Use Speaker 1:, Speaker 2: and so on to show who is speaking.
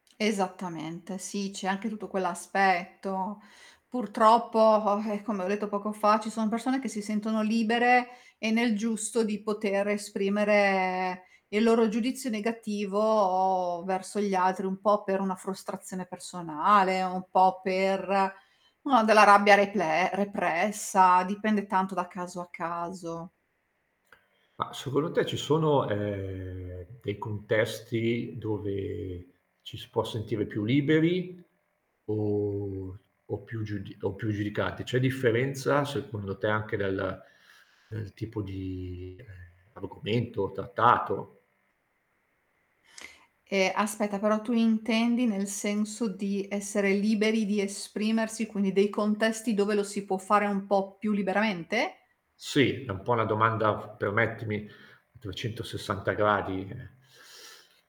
Speaker 1: Esattamente, sì, c'è anche tutto quell'aspetto. Purtroppo, vabbè, come ho detto poco fa ci sono persone che si sentono libere e nel giusto di poter esprimere il loro giudizio negativo verso gli altri, un po' per una frustrazione personale, un po' per, mah, della rabbia reple repressa, dipende tanto da caso a caso.
Speaker 2: Mah, secondo te ci sono, ehm, dei contesti dove ci si può sentire più liberi o o più giudi o più giudicati? C'è differenza secondo te anche dal del tipo di argomento trattato?
Speaker 1: Ehm, aspetta, però tu intendi nel senso di essere liberi di esprimersi, quindi dei contesti dove lo si può fare un po' più liberamente?
Speaker 2: Sì, è un po' una domanda, f permettimi, a 360 gradi, ehm.